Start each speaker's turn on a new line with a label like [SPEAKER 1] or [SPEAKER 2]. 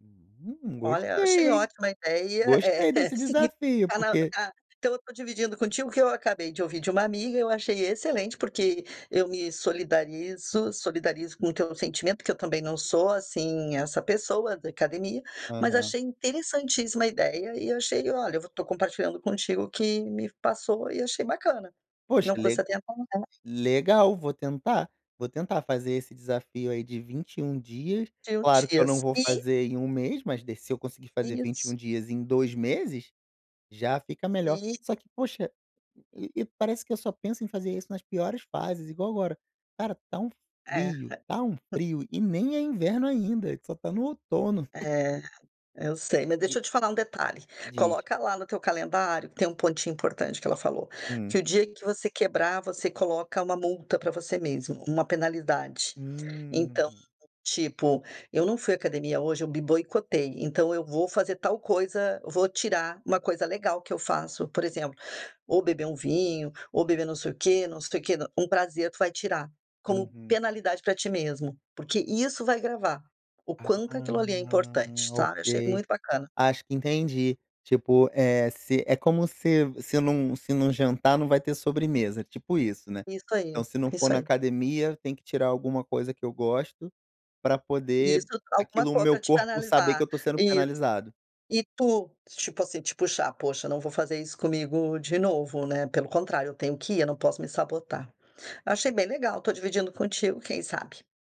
[SPEAKER 1] Hum,
[SPEAKER 2] Olha, achei
[SPEAKER 1] gostei em,
[SPEAKER 2] ótima a ideia, é
[SPEAKER 1] gostei
[SPEAKER 2] é
[SPEAKER 1] desse
[SPEAKER 2] seguir
[SPEAKER 1] desafio,
[SPEAKER 2] pra
[SPEAKER 1] porque
[SPEAKER 2] pra então eu estou dividindo contigo o que eu acabei de ouvir de uma amiga, eu achei excelente porque eu me solidarizo solidarizo com o teu sentimento porque eu também não sou assim essa pessoa da academia, mas
[SPEAKER 1] Aham.
[SPEAKER 2] achei interessantíssima a ideia e achei olha vo eu estou compartilhando contigo o que me passou e achei bacana,
[SPEAKER 1] Poxa,
[SPEAKER 2] não custa
[SPEAKER 1] le
[SPEAKER 2] tentar mudar.
[SPEAKER 1] legal, vou tentar, vou tentar fazer esse desafio aí de 21, dias.
[SPEAKER 2] 21
[SPEAKER 1] Claro que eu não
[SPEAKER 2] dias,
[SPEAKER 1] vou
[SPEAKER 2] e
[SPEAKER 1] fazer em 1 mês, mas de se eu conseguir fazer vinte e
[SPEAKER 2] Isso.
[SPEAKER 1] um, dias em 2 meses já fica melhor
[SPEAKER 2] E
[SPEAKER 1] só que, poxa, e e parece que eu só penso em fazer isso nas piores fases, igual agora: cara, está um
[SPEAKER 2] É.
[SPEAKER 1] frio, está um frio e nem é inverno ainda, a gente só está no outono.
[SPEAKER 2] É. É, eu sei, mas
[SPEAKER 1] E
[SPEAKER 2] deixa eu te falar um detalhe:
[SPEAKER 1] Diz.
[SPEAKER 2] coloca lá no teu calendário que tem um pontinho importante que ela falou, que
[SPEAKER 1] Hum.
[SPEAKER 2] o dia que você quebrar você coloca uma multa pra você mesmo, uma penalidade.
[SPEAKER 1] Hum.
[SPEAKER 2] Então, tipo, eu não fui à academia hoje, eu me boicotei, então eu vou fazer tal coisa, vou tirar uma coisa legal que eu faço por exemplo, ou beber um vinho, ou beber não sei o quê, não sei o quê, um prazer tu vai tirar como
[SPEAKER 1] Uhum.
[SPEAKER 2] penalidade para ti mesmo, porque isso vai gravar o
[SPEAKER 1] Ah
[SPEAKER 2] quanto aquilo ali é
[SPEAKER 1] ah,
[SPEAKER 2] importante, tá? Eu achei
[SPEAKER 1] ok.
[SPEAKER 2] muito bacana.
[SPEAKER 1] Acho que entendi. Tipo, eh, se é como se se não se não jantar, não vai ter sobremesa, tipo isso, né?
[SPEAKER 2] Isso aí,
[SPEAKER 1] Então, se não for
[SPEAKER 2] isso
[SPEAKER 1] na
[SPEAKER 2] aí.
[SPEAKER 1] academia, tem que tirar alguma coisa que eu gosto pra
[SPEAKER 2] Isso,
[SPEAKER 1] poder
[SPEAKER 2] alguma
[SPEAKER 1] aquilo, o
[SPEAKER 2] co
[SPEAKER 1] meu
[SPEAKER 2] pra te
[SPEAKER 1] corpo saber que
[SPEAKER 2] penalizar,
[SPEAKER 1] eu estou sendo
[SPEAKER 2] isso.
[SPEAKER 1] penalizado.
[SPEAKER 2] E tu, tipo assim, te puxar: "Poxa, não vou fazer isso comigo de novo, né, pelo contrário, eu tenho que ir, eu não posso me sabotar". Eu achei bem legal, estou dividindo contigo, quem sabe?